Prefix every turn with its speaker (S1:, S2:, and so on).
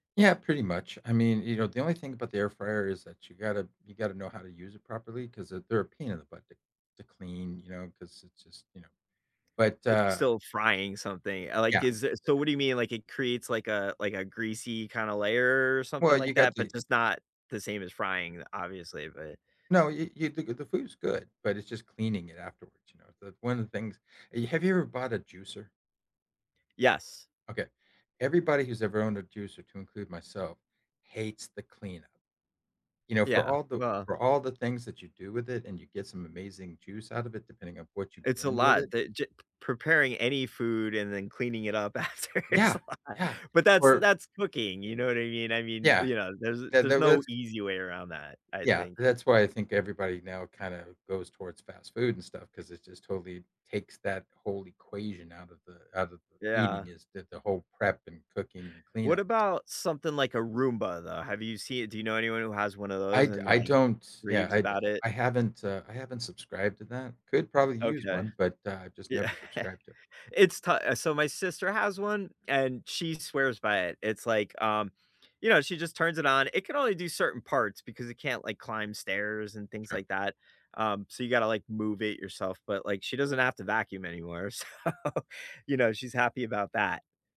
S1: Yeah, pretty much. I mean, you know, the only thing about the air fryer is that you gotta you gotta know how to use it properly 'cause, uh, they're a pain in the butt to to clean, you know, 'cause it just you know? But,
S2: It's
S1: uh
S2: still frying something. Uh, like,
S1: Yeah,
S2: is it so
S1: yeah.
S2: what do you mean? Like, it creates like a like a greasy kinda layer or
S1: Well,
S2: something
S1: you
S2: like that,
S1: got the
S2: but just not the same as frying, obviously, but
S1: No, y y the g the food's good, but it's just cleaning it afterwards, you know, the one of the things e have you ever bought a juicer?
S2: Yes.
S1: Okay, everybody who's ever owned a juicer, to include myself, hates the cleanup. You know, for
S2: Yeah,
S1: all the o
S2: well
S1: for all the things that you do with it and you get some amazing juice out of it depending on what you
S2: It's a
S1: blend with
S2: lot,
S1: it
S2: that g p preparing any food and then cleaning it up after is
S1: Yeah,
S2: a lot,
S1: yeah.
S2: but that's
S1: Or
S2: that's cooking, you know what I mean? I mean,
S1: Yeah.
S2: you know, there's
S1: The
S2: there's
S1: there
S2: no
S1: was
S2: easy way around that, I
S1: Yeah,
S2: think.
S1: that's why I think everybody now kinda goes towards fast food and stuff 'cause it just totally takes that whole equation out of the out of eating
S2: Yeah.
S1: is that the whole prep and cooking, and
S2: What
S1: cleanup.
S2: about something like a Roomba, though? Have you seen Do you know anyone who has one of
S1: I
S2: those
S1: d
S2: and,
S1: I
S2: like,
S1: don't Yeah,
S2: raves
S1: I d
S2: about
S1: eh,
S2: it?
S1: I haven't, uh I haven't subscribed to that. Could probably use
S2: Okay.
S1: one, but I just
S2: Yeah.
S1: never subscribed to it.
S2: It's to Uh, so my sister has one, and she swears by it. It's like, um, you know, she just turns it on. It can only do certain parts because it can't, like, climb stairs and things
S1: Sure.
S2: like that, um, so you gotta, like, move it yourself, but, like, she doesn't have to vacuum anymore, so, you know, she's happy about that.